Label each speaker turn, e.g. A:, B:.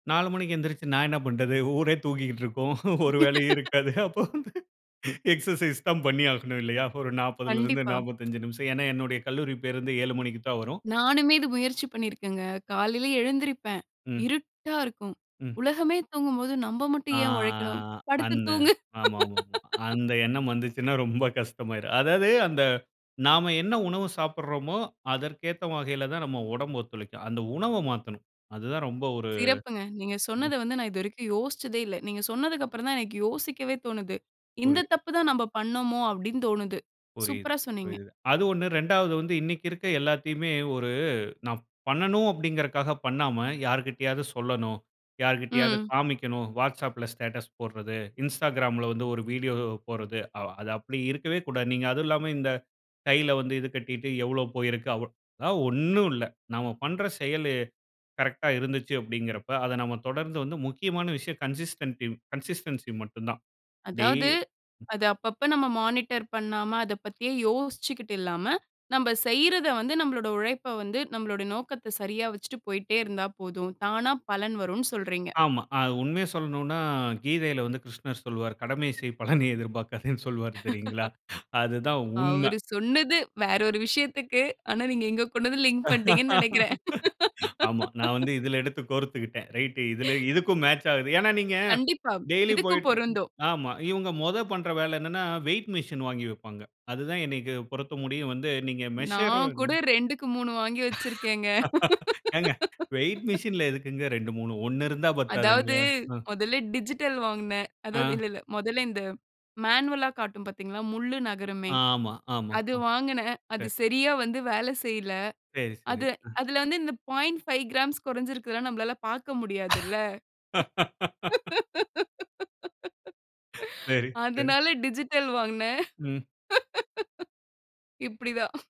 A: 4:00 மணிக்கு எழுந்திருச்சு நான் என்ன பண்றது? ஊரே தூங்கிக்கிட்டு இருக்கும். ஒரு வேலையும் இருக்காது. அப்போ வந்து, எக்சர்சைஸ் தான் பண்ணி ஆகணும் இல்லையா? ஒரு 40ல இருந்து
B: கண்டிப்பா.
A: 45 நிமிஷம். ஏன்னா, என்னுடைய கல்லூரி பேருந்து 7:00 மணிக்கு தான் வரும்.
B: நானுமே இது முயற்சி பண்ணிருக்கேன்ங்க. காலையில எழுந்திரிப்பேன்.
A: ம்.
B: இருட்டா இருக்கும்.
A: ம்.
B: உலகமே தூங்கும்போது நம்ப
A: ஆ
B: மட்டும் ஏன் உழைக்கணும். படுத்து
A: அந்த,
B: தூங்கு.
A: ஆமா, ஆமா. அந்த எண்ணம் வந்திச்சுன்னா ரொம்ப கஷ்டமாயிரும். அதாவது அந்த நாம என்ன உணவு சாப்பிறமோ அதற்கு ஏத்த வகையில தான் நம்ம உடம்பு ஒத்துழைக்கும். அந்த உணவ மாத்தணும். அது தான் ரொம்ப ஒரு
B: சிறப்புங்க. நீங்க
A: ம்.
B: சொன்னத வந்து நான் இதுவரைக்கும் யோசிச்சதே இல்ல. நீங்க சொன்னதுக்கப்புறம் தான் எனக்கு யோசிக்கவே தோணுது. இந்த
A: புரியு
B: தப்பு தான் நம்ப பண்ணினோமோ அப்டின்னு தோணுது.
A: புரியுது,
B: சூப்பர்ரா சொன்னீங்க.
A: புரியுது. அது ஒண்ணு, 2ஆவது வந்து இன்னிக்கு இருக்க எல்லாத்தையுமே ஒரு நான் பண்ணணும் அப்டிங்க்றதுக்காக பண்ணாம யார்கிட்டயாவது சொல்லணும். யார்கிட்டயாவது
B: ம்.
A: காமிக்கணும். Whatsappல ஸ்டேட்டஸ் போடறது, Instagramல வந்து ஒரு வீடியோ போடறது. அது அப்படி இருக்கவே கூடாது. நீங்க அதுவும் இல்லாம, இந்த கையில வந்து இது கட்டிக்கிட்டு எவ்ளோ போயிருக்கு அவ. அதெல்லாம் ஒண்ணு இல்ல. நாம பண்ற செயல்லயே கரெக்ட்டா இருந்துச்சு அப்டிங்க்றப்ப, அத நாம தொடர்ந்து வந்து முக்கியமான விஷயம் கன்சிஸ்டட் கன்சிஸ்டன்சி மட்டும் தான். டே
B: அதாவது, அத அப்ப அப்ப நாம மானிட்டர் பண்ணாம, அத பத்தியே யோசிச்சிக்கிட்டு இல்லாம, நம்ப செய்றத வந்து நம்ளோட உழைப்ப வந்து நம்ளோட நோக்கத்த, சரியா வைச்சிட்டு போயிட்டே இருந்தா போதும். தானா பலன் வரும்ன்னு சொல்றீங்க.
A: ஆமா. அது உண்மையை சொல்லனும்னா கீதையில வந்து கிருஷ்ணர் சொல்வாரு, "கடமை செய் பலனை எதிர்பார்க்காதேன்னு" சொல்வாரு தெரியுங்களா? அதுதான் உண்ம.
B: அவரு சொன்னது வேற ஒரு விஷயத்துக்கு, ஆனா நீங்க இங்க கொண்டு வந்து லிங்க் பண்ணிட்டீங்கன்னு நினைக்கிறேன்.
A: ஆமா. நான் வந்து இதில எடுத்து கோரத்துக்கிட்டேன். ரைட் இதில, இதுக்கும் மேட்ச் ஆகுது. ஏன்ன, நீங்க
B: கண்டிப்பா.
A: டெய்லி
B: இதுக்கும்
A: போய்ட்டு
B: பொருந்தும்.
A: ஆமா. இவங்க முதல் பண்ணுற வேல என்னன்னா, வெய்ட் மிஷின் வாங்கி வைப்பாங்க. அது தான் எனக்கு பொறுத்த முடியும் வந்து நீங்க மெஷர்
B: நான் கூட 2க்கு 3 வாங்கி வச்சிருக்கேன்ங்க.
A: ஏங்க வெய்ட் மிஷின்ல எதுக்குங்க 2, 3 1 இருந்தா
B: அதாவது,
A: பத்தாதுங்களா? ஆ.
B: மொதல்ல டிஜிட்டல் வாங்கினேன். அதாவது
A: ஆ.
B: இல்ல, இல்ல. மொதல்ல இந்த மேனுவல்ல காட்டும் பார்த்தீங்களா, முள்ளு நகருமே.
A: ஆமா, ஆமா.
B: அது
A: அ.
B: வாங்கினேன். அது
A: சரி.
B: சரியா வந்து வேலை செய்யல்ல.
A: சரி, சரி.
B: அது
A: அ.
B: அதில வந்து இந்த 0.5 கிராம்ஸ் குறைச்சு இருக்கிறதுலாம் நம்மளால பார்க்க முடியாது இல்ல.
A: சரி, சரி.
B: அதனால டிஜிட்டல் வாங்கினேன்.
A: ம்.
B: இப்படிதான்.